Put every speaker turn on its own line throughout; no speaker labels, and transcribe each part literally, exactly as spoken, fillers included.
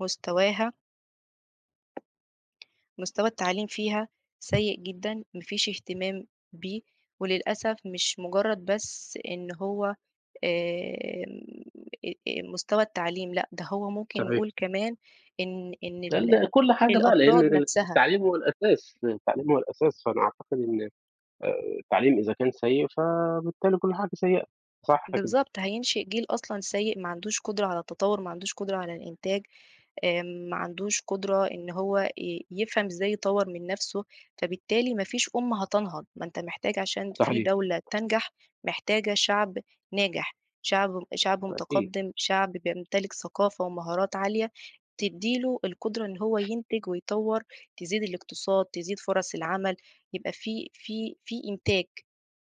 مستواها مستوى التعليم فيها سيء جدًا، ما فيش اهتمام بيه وللأسف مش مُجرّد بس إن هو آآ إن آآ مستوى التعليم لأ، ده هو ممكن
صحيح.
نقول كمان إن إن
لا، لا
ال
كل حاجة بقى، لإن
الأفراد
ال
نفسها
التعليم هو الأساس، التعليم هو الأساس، فأنا أعتقد إن آآ التعليم إذا كان سيء، فبالتالي كل حاجة سيئة، صح كده.
بالضبط، هينشئ جيل أصلًا سيء ما عندوش قدرة على التطوّر، ما عندوش قدرة على الإنتاج، آآ ما عندوش قدرة إن هو ي يفهم إزاي يطوّر من نفسه، فبالتالي ما فيش أُمّة هتنهض. ما أنت محتاج عشان في
صحيح.
دولة تنجح، محتاجة شعب ناجح، شعب شعب
بالتأكيد.
مُتقدِّم، شعب بيمتلك ثقافة ومهارات عالية تدّي له القدرة إن هو ينتج ويطوّر، تزيد الاقتصاد، تزيد فرص العمل، يبقى في في في إنتاج.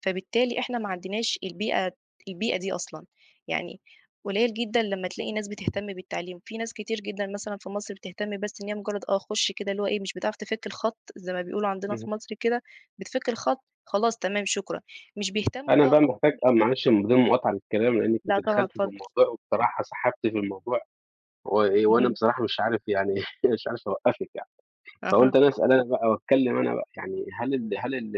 فبالتالي إحنا ما عندناش البيئة البيئة دي أصلًا. يعني قليّل جدًا لمّا تلاقي ناس بتهتم بالتعليم. في ناس كتير جدًا مثلًا في مصر بتهتم بس إن هي مُجرّد آه، خُش كده اللي هو إيه، مش بتعرف تِفِك الخَط زي ما بيقولوا عندنا في
اهم.
مصر كده بتِفِك الخَط، خلاص تمام شكرًا. مش بيهتّموا
أنا
بقى
بقى محتاج
أكتر
آه، معلش من غير مقاطعة للكلام، لإنِّك
لأ،
أنتِ
طبعًا
دخلتِ
اتفضّل.
بالموضوع وبصراحة سحبتِ في الموضوع و وأنا
اهم.
بصراحة مش عارف يعني مش عارف أوقّفِك يعني،
أها.
فقُلت أنا أسأل أنا بقى وأتكلّم أنا بقى. يعني هل ال هل ال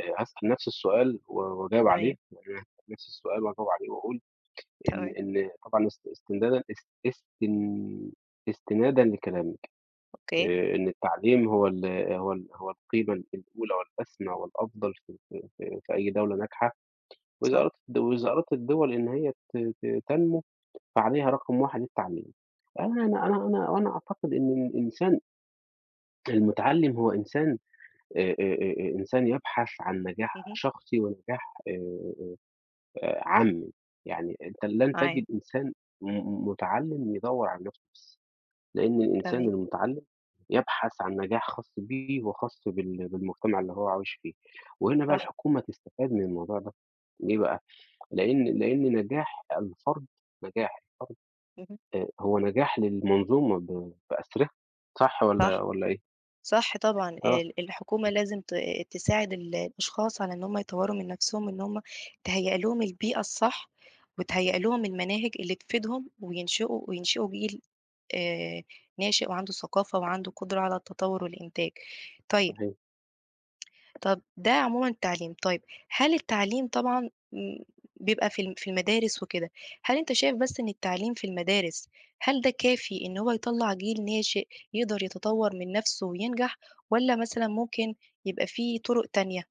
آآ أسأل نَفْس السؤال و وأجاوب عليه،
تمام.
وبعدبن هاسأل نفس السؤال وأجاوب عليه وأقول إن
تمام.
إن طبعًا است استمدادًا اس استن استنادًا لكلامِك،
أوكي.
آآ إن التعليم هو ال هو ال هو القيمة الأولى والأسمى والأفضل في في في في أي دولة ناجحة، وإذا
صح.
أرادت الدوز وإذا أرادت الدِوَل إن هي ت ت تنمو، فعليها رقم واحد التعليم. أنا أنا أنا أنا وأنا أعتقد إن الإنسان المُتعلّم هو إنسان آآ آآ إنسان يبحث عن نجاح
اهم.
شخصي ونجاح آآ عامّي، يعني أنت لن
معاك.
تجد إنسان م مُتعلّم يدوّر عن نَفْسه بس، لإن الإنسان
تمام.
المُتعلّم يبحث عن نجاح خاص بيه وخاص بال بالمجتمع اللي هو عايش فيه، وهنا بقى
صح.
الحكومة تستفاد من الموضوع ده، ليه بقى؟ لإن لإن نجاح الفرد نجاح الفرد
اهم.
آآ هو نجاح للمنظومة ب بأسرِها صح
صح،
والّا والّا إيه؟
صح طبعًا.
آه ص
ال ال الحكومة
[unintelligible]
لازم ت تساعد ال الأشخاص على إن هم يطوّروا من نفسهم إن هم تهيّأ لهم البيئة الصح، وتهيّأ لهم المناهج اللي تفيدهم وينشِئوا وينشِئوا جيل آآ ناشئ وعنده الثقافة وعنده قدرة على التطوّر والإنتاج. طيب
صحيح.
طَب ده عمومًا التعليم. طيب، هل التعليم طبعًا م بيبقى في ال في المدارس وكده، هل أنت شايف بس إن التعليم في المدارس، هل ده كافي إنه هو يطلّع جيل ناشئ يقدر يتطوّر من نَفْسه وينجح، والّا مثلًا ممكن يبقى في طُرُق تانية؟